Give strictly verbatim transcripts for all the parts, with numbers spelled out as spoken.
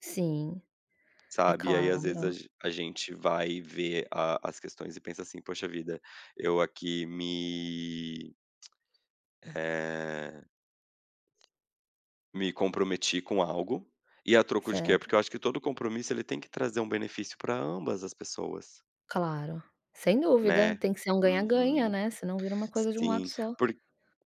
Sim. É Sabe. E aí, às vezes a claro. gen a gente vai ver a as questões e pensa assim: "Poxa vida, eu aqui me", eh me comprometi com algo, e a troco de quê? Certo. Porque eu acho que todo compromisso, ele tem que trazer um benefício pra ambas as pessoas. Claro. Sem dúvida. Né. Tem que ser um ganha-ganha, Uhum. né. Senão vira uma coisa de um lado Sim, só. porq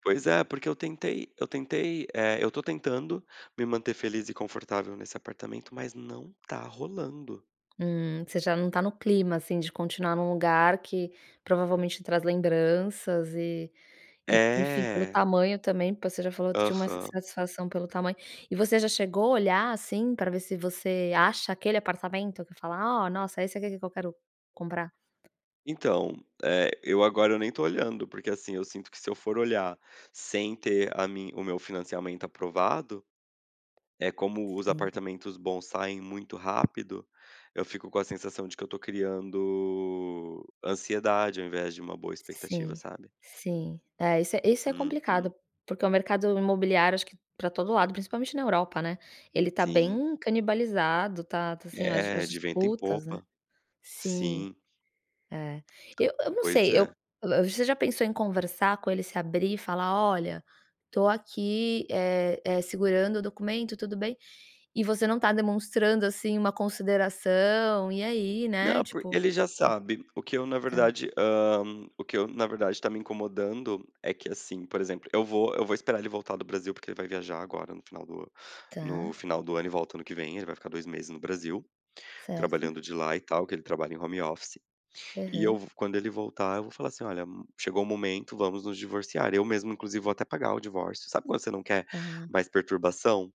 pois é. Porque eu tentei eu tentei, eh, eu tô tentando me manter feliz e confortável nesse apartamento, mas não tá rolando. Hum. Você já não tá no clima, assim, de continuar num lugar que, provavelmente traz lembranças e e, enfim, pelo É! tamanho também, porque você já falou que tinha uma Aham. insatisfação pelo tamanho e você já chegou a olhar, assim, pra ver se você acha aquele apartamento, que fala: "Oh, nossa, esse aqui que que eu quero comprar"? Então, eh, eu agora nem tô olhando porque, assim, eu sinto que se eu for olhar, sem ter a mi o meu financiamento aprovado, é como os Sim. apartamentos bons saem muito rápido, eu fico com a sensação de que eu tô criando ansiedade, ao invés de uma boa expectativa, Sim, sabe. sim. É esse é, esse é complicado, Uhum. porque o mercado imobiliário acho que pra todo lado, principalmente na Europa, né, ele tá Sim. bem canibalizado, tá tá, assim, as É, as de vento em disputas, né. popa. Sim. Sim. É. Eu eu não Pois sei. é. Eu eh, você já pensou em conversar com ele, se abrir e falar: "Olha, tô aqui, eh eh, segurando o documento, tudo bem? E você não tá demonstrando, assim, uma consideração. E, aí?", né, Não, porque tipo. ele já sabe. O que eu, na Hum. Tá. verdade, hã, m o que eu, na verdade, tá me incomodando é que, assim, por exemplo, eu vou eu vou esperar ele voltar do Brasil, porque ele vai viajar agora no final do no Tá. final do ano e volta ano que vem, ele vai ficar dois meses no Brasil, Certo. trabalhando de lá e tal que ele trabalha em home office, e eu Aham. v quando ele voltar, eu vou falar assim: "Olha, chegou o momento, vamos nos divorciar". Eu mesmo, inclusive, vou até pagar o divórcio sabe quando você não quer Ah. mais perturbação?